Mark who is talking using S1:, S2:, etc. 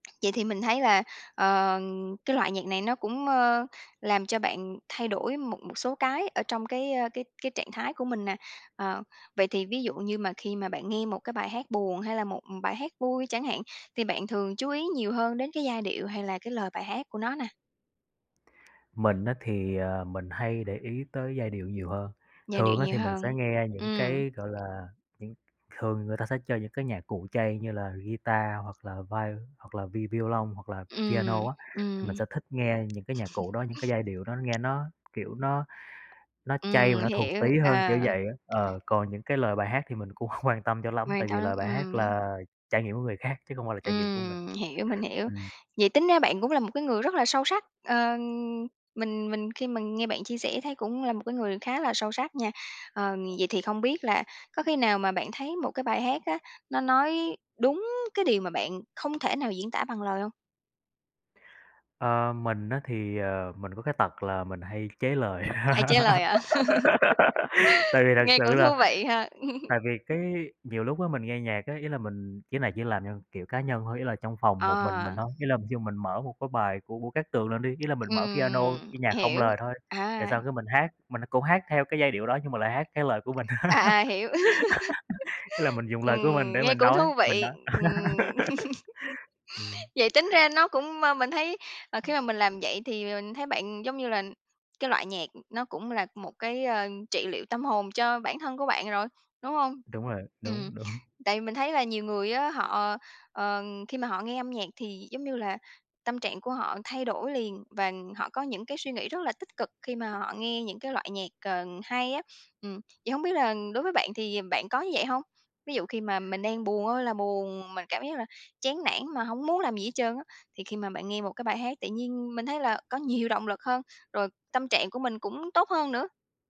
S1: Vậy thì mình thấy là, ờ, cái loại nhạc này nó cũng, mơ, làm cho bạn thay đổi một một số cái ở trong cái, ơ, cái cái trạng thái của mình nè, ờ, vậy thì ví dụ như mà khi mà bạn nghe một cái bài hát buồn hay là một, ừm, bài hát vui chẳng hạn, thì bạn thường chú ý nhiều hơn đến cái giai điệu hay là cái lời bài hát của nó nè?
S2: Mình á thì, ờ, mình hay để ý tới giai điệu nhiều hơn,
S1: Giai điệu
S2: thường á,
S1: nhiều
S2: thì mình sẽ
S1: hơn.
S2: nghe những
S1: Ừm.
S2: cái, gọi là, những thường người ta sẽ chơi những cái nhạc cụ chay như là guitar hoặc là vai hoặc là vi vi violon hoặc là
S1: Ừm,
S2: piano á, thì mình
S1: ừm.
S2: sẽ thích nghe những cái nhạc cụ đó, những cái giai điệu đó nghe nó, kiểu, nó nó chay và
S1: Ừm,
S2: nó thuần
S1: hiểu,
S2: túy hơn, kiểu
S1: ờ.
S2: vậy á, ờ, còn những cái lời bài hát thì mình cũng hông quan tâm cho lắm
S1: Quan
S2: tại vì
S1: tấm,
S2: lời bài hát
S1: ừm.
S2: là trải nghiệm của người khác chứ không phải là trải nghiệm của mình,
S1: Ừm, hiểu, mình hiểu.
S2: ừm.
S1: Vậy tính ra bạn cũng là một cái người rất là sâu sắc, ờ, mình mình khi mà nghe bạn chia sẻ thấy cũng là một cái người khá là sâu sắc nha, ờ, vậy thì không biết là có khi nào mà bạn thấy một cái bài hát á, nó nói đúng cái điều mà bạn không thể nào diễn tả bằng lời hông?
S2: Ờ, mình á thì, ờ, mình có cái tật là mình hay chế lời,
S1: Hay chế lời hả?
S2: tại vì thật
S1: Nghe
S2: sự
S1: cũng
S2: là
S1: thú vị ha.
S2: tại vì cái nhiều lúc á, mình nghe nhạc á, ý là mình chỉ là chỉ làm theo, kiểu, cá nhân thôi, ý là trong phòng một mình mình
S1: À.
S2: thôi, ý là ví dụ mình mở một cái bài của Vũ Cát Tường lên đi, ý là mình mở piano,
S1: Ừm,
S2: cái nhạc không
S1: hiểu,
S2: lời thôi, rồi
S1: à.
S2: xong cái mình hát, mình cũng hát theo cái giai điệu đó nhưng mà lại hát cái lời của mình,
S1: À, à, hiểu.
S2: ý là mình dùng lời của mình
S1: Ừm,
S2: để
S1: nghe
S2: mình
S1: cũng
S2: nói
S1: thú
S2: mình
S1: vị,
S2: nói.
S1: ừm.
S2: Ừm.
S1: Vậy tính ra nó cũng ma mình thấy, ờ, khi mà mình làm vậy thì mình thấy bạn, giống như là, cái loại nhạc, ừm, nó cũng là một cái, ơ, trị liệu tâm hồn cho bản thân của bạn rồi, đúng hông?
S2: Đúng rồi,
S1: Ừm,
S2: đúng, đúng.
S1: tại mình thấy là nhiều người á, họ ờ, khi mà họ nghe âm nhạc thì, giống như là, tâm trạng của họ thay đổi liền và họ có những cái suy nghĩ rất là tích cực khi mà họ nghe những cái loại nhạc, ờ, hay á, ừm, vậy hông biết là đối với bạn thì bạn có như vậy hông? Ví dụ khi mà mình đang buồn ơi là buồn, mình cảm giác là chán nản mà hổng muốn làm gì hết trơn á, thì khi mà bạn nghe một cái bài hát tự nhiên mình thấy là có nhiều động lực hơn, rồi tâm trạng của mình cũng tốt hơn nữa?